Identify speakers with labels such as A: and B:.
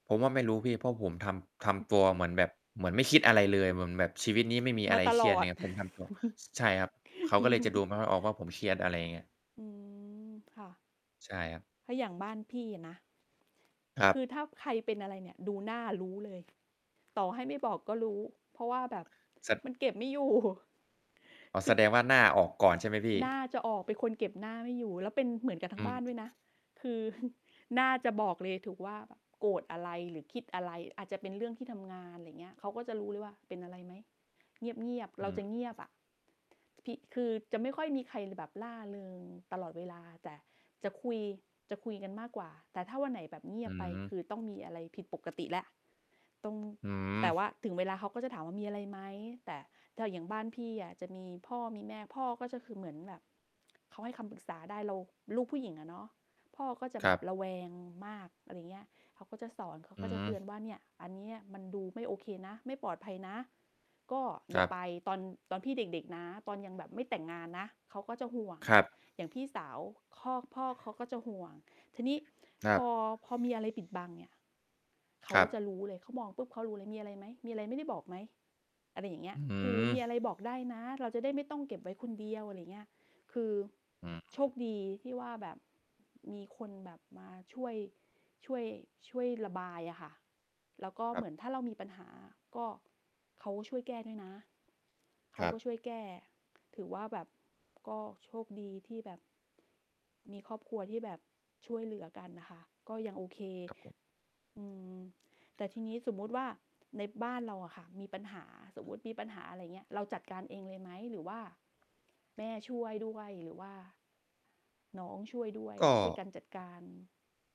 A: ผมว่าไม่รู้พี่ เพราะผมทำ ทำตัวเหมือนแบบ เหมือนไม่คิดอะไรเลย เหมือนแบบชีวิตนี้ไม่มีอ
B: ม
A: ะ
B: า
A: ไร
B: ต
A: เค
B: ล
A: รียด
B: อ
A: เ
B: ด
A: นี่ย ผมทำ ตัว ใช่ครับ เขาก็เลยจะดูไม่ค่อยออกว่าผมเครียด อะไรอย่างเงี้ย
B: อืม ค่ะ
A: ใช่ครับ
B: ก็อย่างบ้านพี่อะนะ
A: ครั
B: ค
A: บ
B: ือถ้าใครเป็นอะไรเนี่ยดูหน้ารู้เลย ต่อให้ไม่บอกก็รู้ เพราะว่า แบบ
A: สะ
B: มันเก็บไม่ อยู่
A: อ๋อ
B: ค
A: แ
B: ื
A: ส
B: อ
A: ดงว่าหน้าออกก่อนใช่ไหมพี
B: หน้
A: ่?
B: าจะออก เป็นคนเก็บหน้าไม่อยู่ แล้วเป็นเหมือนกันท
A: อ
B: า
A: ื
B: งบ้าน
A: ม
B: ด้วยนะ คือ หน้าจะบอกเลย ถูกว่า โกรธอะไรหรือคิดอะไร อาจจะเป็นเรื่องที่ทำงาน อะไรเงี้ย เขาก็จะรู้เลยว่าเป็นอะไรไหม? เงียบ ๆ เร
A: อ
B: าจ
A: ือ
B: ะเงียบอะ ที่ คือจะไม่ค่อยมีใครเลยแบบร่าเริงตลอดเวลา แต่จะคุย จะคุยกันมากกว่า แต่ถ้าวันไหนแบบเงี
A: อ
B: ย
A: ื
B: บไป ค
A: ม
B: ือต้องมีอะไรผิดปกติแล้ว ตรง
A: อื้อ
B: แต่
A: ฮ
B: ว
A: ือ
B: ่าถึงเวลาเขาก็จะถามว่า "มีอะไรไหม?" แต่ถ้าอย่างบ้านพี่อะจะมีพ่อมีแม่ พ่อก็จะคือเหมือนแบบ เขาให้คำปรึกษาได้ เราลูกผู้หญิงอะเนาะ พ่อก็จะ
A: ค
B: แบ
A: รั
B: บ
A: บ
B: ระแวงมาก อะไรเงี้ย เขาก็จะสอน เขา
A: อื้
B: ก็
A: อ
B: จ
A: ฮ
B: ะ
A: ื
B: เตือ
A: อ
B: นว่าเนี่ย อันเนี้ยมันดูไม่โอเคนะ ไม่ปลอดภัยนะ ก็
A: ค
B: อย่
A: ร
B: า
A: ับ
B: ไป ตอน ตอนพี่เด็ก ๆ นะ ตอนยังแบบไม่แต่งงานนะ เขาก็จะห่วง
A: ครับ
B: อย่างพี่สาวพ่อ พ่อเขาก็จะห่วง ทีนี้
A: คร
B: พ
A: ับ
B: อ พอมีอะไรปิดบังเนี่ยเข
A: ค
B: า
A: รั
B: จะ
A: บ
B: รู้เลย เขามองปุ๊บเขารู้เลย "มีอะไรไหม? มีอะไรไม่ได้บอกไหม?" อะไรอย่างเงี้
A: อ
B: ย
A: ื้อฮื
B: คือ "มีอ
A: อ
B: ะไรบอกได้นะ เราจะได้ไม่ต้องเก็บไว้คนเดียว" อะไรเงี้ย คือ
A: อืม
B: โชคดีที่ว่าแบบมีคนแบบมาช่วย ช่วย ช่วยระบายอะค่ะ แล้วก็
A: คร
B: เ
A: ั
B: หม
A: บ
B: ือนถ้าเรามีปัญหาก็ เขาอะช่วยแก้ด้วยนะ เข
A: ค
B: า
A: รั
B: ก็
A: บ
B: ช่วยแก้ ถือว่าแบบก็โชคดีที่แบบ มีครอบครัวที่แบบช่วยเหลือกันน่ะค่ะ ก็ยังโอเค
A: ครับผม
B: อืม แต่ทีนี้สมมติว่าในบ้านเราอะค่ะมีปัญหา สมมุติมีปัญหา อะไรเงี้ย เราจัดการเองเลยไหม? หรือว่าแม่ช่วยด้วย? หรือว่า น้องช่วยด้วย?
A: ก
B: ช่วยก
A: ็
B: ันจัดการ